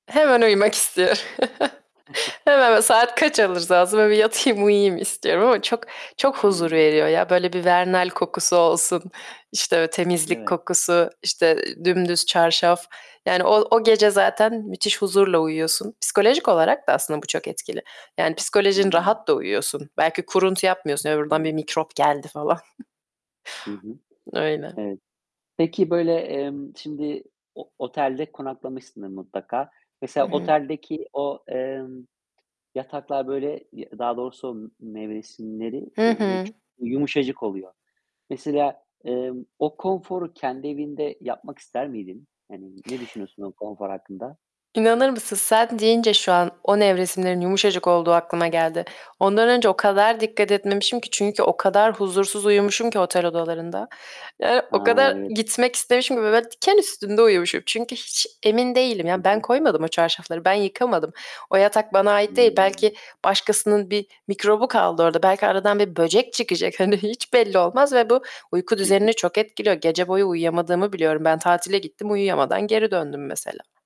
Hemen uyumak istiyorum. Hemen, böyle, saat kaç olursa olsun. Böyle bir yatayım, uyuyayım istiyorum ama çok çok huzur Hıı. veriyor ya. Böyle bir Vernel kokusu olsun, işte, Değil temizlik mi? kokusu, işte, ı dümdüz çarşaf... Yani o o gece zaten müthiş huzurla uyuyorsun. Psikolojik olarak da aslında bu çok etkili. Yani psikolojin Hıı. rahat da uyuyorsun. Belki kuruntu yapmıyorsun, "Ya, oradan bir Tabii. mikrop geldi." falan. Hı hı. Öyle. Evet. Peki, böyle, emm, şimdi o otelde konaklamışsındır mutlaka. Hı Mesela hı. oteldeki o, emm, yataklar böyle, y daha doğrusu m nevresimleri, Hı eee, böyle, hı. çu yumuşacık oluyor. Mesela, emm, o konforu kendi evinde yapmak ister miydin? Hani, ne düşünüyorsun o konfor hakkında? İnanır mısın, sen deyince şu an o nevresimlerin yumuşacık olduğu aklıma geldi. Ondan önce o kadar dikkat etmemişim ki çünkü o kadar huzursuz uyumuşum [unintelligible] ki otel odalarında. Yani o A! kadar Evet. gitmek istemişim ki ve böyle diken üstünde uyumuşum. Çünkü hiç emin değilim, Hı yani, ben hı. koymadım o çarşafları, ben yıkamadım. O yatak bana ait değil. Hıı. Belki başkasının bir mikrobu kaldı orda. Belki aradan bir böcek çıkacak... Hani, hiç belli olmaz ve bu uyku Hı hı. düzenini çok etkiliyor. Gece boyu uyuyamadığımı biliyorum. Ben tatile gittim, uyuyamadan geri döndüm mesela.